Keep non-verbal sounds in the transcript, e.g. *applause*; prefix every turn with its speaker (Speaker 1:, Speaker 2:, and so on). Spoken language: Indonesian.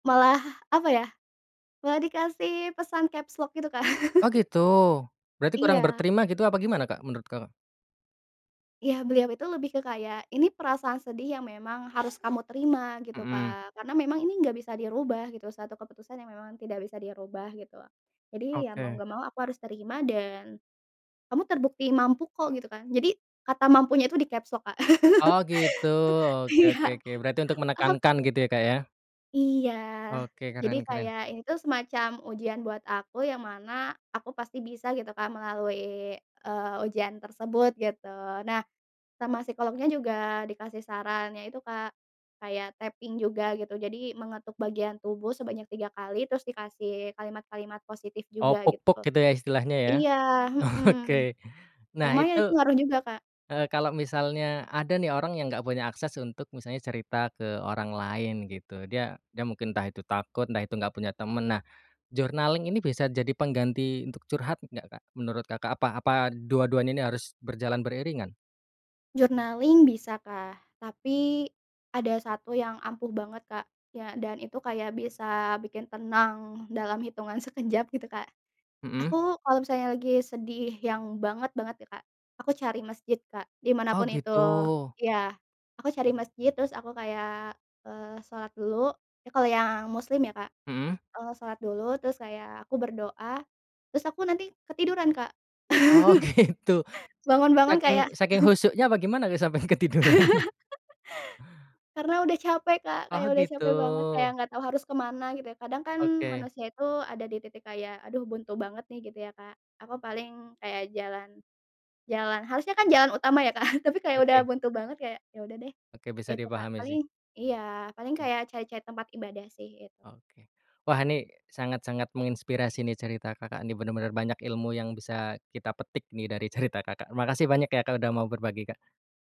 Speaker 1: Malah, apa ya, malah dikasih pesan capslock gitu Kak.
Speaker 2: Oh
Speaker 1: *chuckles*
Speaker 2: gitu, berarti kurang
Speaker 1: Iya.
Speaker 2: berterima gitu apa gimana Kak, menurut Kakak?
Speaker 1: Iya beliau itu lebih ke kayak, ini perasaan sedih yang memang harus kamu terima gitu
Speaker 2: Mhm.
Speaker 1: Kak. Karena memang ini nggak bisa dirubah gitu, satu keputusan yang memang tidak bisa dirubah gitu. Jadi, ya mau
Speaker 2: Oke.
Speaker 1: nggak mau aku harus terima dan kamu terbukti mampu kok gitu kan, jadi kata "mampunya" itu di capslock Kak.
Speaker 2: Oh gitu,
Speaker 1: *laughs*
Speaker 2: oke
Speaker 1: Iya.
Speaker 2: oke oke. Berarti untuk
Speaker 1: Ap
Speaker 2: menekankan gitu ya Kak ya?
Speaker 1: Iya,
Speaker 2: Oke
Speaker 1: jadi
Speaker 2: keren keren.
Speaker 1: kayak ini tuh semacam ujian buat aku yang mana, aku pasti bisa gitu Kak, melalui, eee, ujian tersebut gitu. Nah sama psikolognya juga dikasih saran iya itu Kak, kayak tapping juga gitu, jadi mengetuk bagian tubuh sebanyak 3 kali terus dikasih kalimat-kalimat positif juga
Speaker 2: Oh puk
Speaker 1: gitu.
Speaker 2: puk gitu ya istilahnya ya.
Speaker 1: Iya, mhm,
Speaker 2: *chuckles* Oke, nah
Speaker 1: lumayan
Speaker 2: itu,
Speaker 1: sih ngaruh juga Kak.
Speaker 2: eee, kalau misalnya ada nih orang yang enggak punya akses untuk misalnya cerita ke orang lain gitu. Dia dia mungkin entah itu takut, entah itu enggak punya temen, nah journaling ini bisa jadi pengganti untuk curhat enggak Kak menurut kakak? Apa apa dua-duanya ini harus berjalan beriringan?
Speaker 1: Journaling bisa kah, tapi ada satu yang ampuh banget Kak, nah dan itu kayak bisa bikin tenang dalam hitungan sekejap gitu Kak.
Speaker 2: Mhm.
Speaker 1: Aku kalau misalnya lagi sedih yang banget-banget ya Kak, aku cari masjid Kak, di mana
Speaker 2: Oh
Speaker 1: pun itu.
Speaker 2: gitu.
Speaker 1: Iya, aku cari masjid terus aku kayak, eee, salat dulu, itu kalau yang muslim ya Kak.
Speaker 2: Mhm.
Speaker 1: Eee, salat dulu, terus kayak aku berdoa, terus aku nanti ketiduran Kak.
Speaker 2: Oh gitu.
Speaker 1: *chuckles* Bangun bangun
Speaker 2: Saking
Speaker 1: kayak
Speaker 2: saking
Speaker 1: *chuckles*
Speaker 2: khusyuknya bagaimana bisa sampai ketiduran? *chuckles*
Speaker 1: *laughs* Karena udah capek Kak,
Speaker 2: Oh
Speaker 1: kayak udah capek banget, kayak
Speaker 2: gitu.
Speaker 1: enggak tahu harus ke mana gitu, kadang kan
Speaker 2: Oke.
Speaker 1: manusia itu ada di titik kayak, aduh buntu banget nih gitu ya Kak. Aku paling kayak jalan jalan harusnya kan jalan utama ya Kak, *chuckles* tapi kayak udah
Speaker 2: Oke.
Speaker 1: buntu banget kayak, ya udah deh,
Speaker 2: Oke bisa
Speaker 1: gitu Kak,
Speaker 2: dipahami
Speaker 1: paling
Speaker 2: sih.
Speaker 1: iya, paling
Speaker 2: Mmm.
Speaker 1: kayak cari-cari tempat ibadah sih it
Speaker 2: Oke, wah ini sangat-sangat menginspirasi nih cerita Kakak nih benar-benar banyak ilmu yang bisa kita petik nih dari cerita Kakak, makasih banyak ya Kak udah mau berbagi Kak.